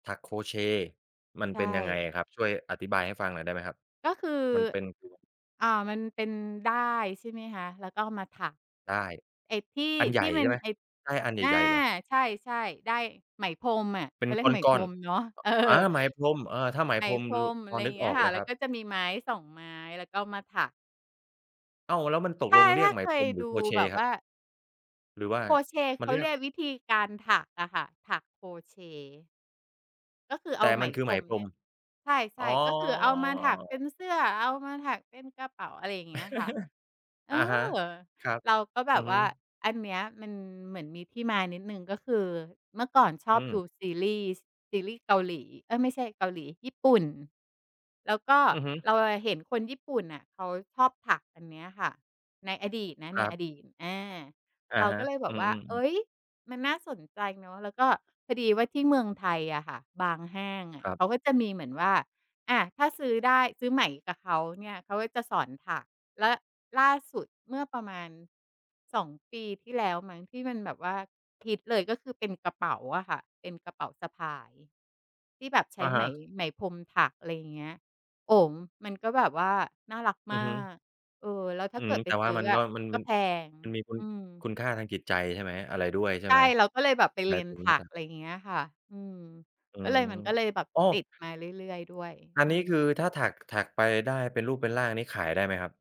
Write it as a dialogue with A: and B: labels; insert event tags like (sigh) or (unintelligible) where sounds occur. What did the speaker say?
A: ถักโครเชต์มัน
B: ใช
A: เป็นยังไง
B: ่
A: อะครับ? ช่วยอธิบายให้ฟังหน่อยได้ไหมครับ?
B: ก็คือ
A: มันเป็น (unintelligible)
B: อ่า มันเป็นด้าย ใช่ไหมคะ แล้วก็เอามาถัก
A: ด้าย
B: ไอ้ที่
A: อันให
B: ท
A: ญ
B: ี่
A: ่
B: ม
A: ใ
B: ั
A: ช
B: น
A: ่ไหม?
B: ไอ้
A: ด้ายอันใ
B: อา
A: หญ่ ๆ เหรอ?
B: ใช่ ๆ ด้ายไหมพรมอะ
A: เ
B: เ
A: ป็
B: ข
A: น
B: าเรียกไหม
A: ก
B: พ
A: ้อ
B: ร
A: น
B: มเนาะ เออ
A: ๆ อ อา ไหมพรม เออ ถ้าไหม
B: ไหน
A: พรม
B: พร
A: ร
B: ม อ
A: พ
B: ะไ
A: อ
B: รอย
A: น
B: ่
A: ึ
B: าง
A: ก
B: เงี้
A: อ
B: ย
A: อก
B: ค
A: เ
B: ่
A: ล
B: ะ
A: ย
B: แล
A: ค
B: ้
A: ร
B: ว
A: ั
B: ก็
A: บ
B: จะมีไม้ 2 ไม้ แล้วก็เอามาถัก
A: อ้าว แล้วมันตก
B: ใช่
A: ลงเรี
B: ถ
A: ย
B: ้
A: ก
B: า
A: ไหม
B: เค
A: พร
B: ย
A: ม หร
B: ด
A: ือ
B: ู
A: โครเช
B: แบ
A: ต์
B: บ
A: คร
B: ว
A: ั
B: ่
A: บ?
B: า
A: หรือว่า
B: โครเชต์
A: มั
B: เข
A: น
B: า
A: เรี
B: เ
A: ย
B: ร
A: ก
B: ียกวิธีการถักอะค่ะ ถักโครเชต์ ก็คือเอ
A: แต
B: า
A: ่
B: ไหม
A: มันคือ
B: พ
A: ไ
B: ร
A: หม
B: ม
A: พ
B: เ
A: ร
B: นี่
A: ม
B: ย ใช
A: อ๋อ
B: ่ ๆ ก็คือเอามาถักเป็นเสื้อ เอามาถักเป็นกระเป๋า อะไรอย่างเงี้ยค่ะ
A: (chuckles)
B: เอ
A: อ
B: อ
A: ะฮะ ครับ
B: เราก็แบ
A: อือ
B: บ
A: ฮ
B: ว่า
A: ึ
B: อันเนี้ยมันเหมือนมีที่มานิดหนึ่ง ก็คือเมื่อก่อนช
A: อ
B: อ
A: ื
B: บดู
A: ม
B: ซีรีส์ ซีรีส์เกาหลี เอ๊ย ไม่ใช่เกาหลี ญี่ปุ่น แล้วก็
A: อือฮึ
B: เราอะเห็นคนญี่ปุ่นน่ะเขาชอบถักอันนี้ค่ะ ในอดีตนะ
A: ค
B: ใน
A: รับ
B: อดีต อา
A: อะ
B: เรา
A: ฮ
B: ก
A: ะ
B: ็เลยแบ
A: อื
B: บว่า
A: ม
B: เอ
A: ๆ ๆ
B: ๊ย มันน่าสนใจเนาะ แล้วก็พอดีว่าที่เมืองไทยอะค่ะ บางห้างอ
A: ค
B: ะ
A: รั
B: เ
A: บ
B: ขาก็จะมีเหมือนว่า อา ถ้าซื้อด้าย ซื้อไหมกับเขา เนี่ย เขาก็จะสอนถัก และล่าสุดเมื่อประมาณ 2 ปีที่แล้วมั้ง ที่มันแบบว่า ฮิตเลย ก็คือเป็นกระเป๋าอะค่ะ เป็นกระเป๋าสะพาย ที่แบบใช
A: อ
B: ้
A: ะ
B: ไ
A: ฮ
B: หม
A: ะ
B: ไหมพรมถัก อะไรอย่างเงี้ย โอ้โฮ มันก็แบบว่าน่ารัก
A: อ
B: ม
A: ื
B: า
A: อฮึ
B: ก เออ แล้วถ้
A: อื
B: าเก
A: ม
B: ิดไ
A: แ
B: ป
A: ต่
B: ซ
A: ว่า
B: ื้อ
A: มัน
B: อ
A: ก็
B: ะ
A: มัน
B: ก็
A: มัน
B: แพง
A: มันมีคุณ
B: อืม
A: คุณค่าทางจิตใจใช่ไหม อะไรด้วยใช่
B: ใช่
A: ไหม?
B: เราก็เลยแบบไป
A: ห
B: เ
A: ม
B: ร
A: า
B: ี
A: ย
B: ยน
A: ถึง
B: ถ
A: ม
B: ั
A: ัน
B: ก
A: ท
B: อ
A: ำ
B: ะไรอย่างเงี้ยค่ะ อืม
A: อื
B: ก็เล
A: ม
B: ย มันก็เลยแบบ
A: อ้อ
B: ติดมาเรื่อย ๆ ด้วย
A: อั
B: อื
A: นนี้ค
B: ม
A: ือถ้าถัก ก ถักไปได้เป็นรูป เป็นร่างนี้ขายได้ไหมครับ?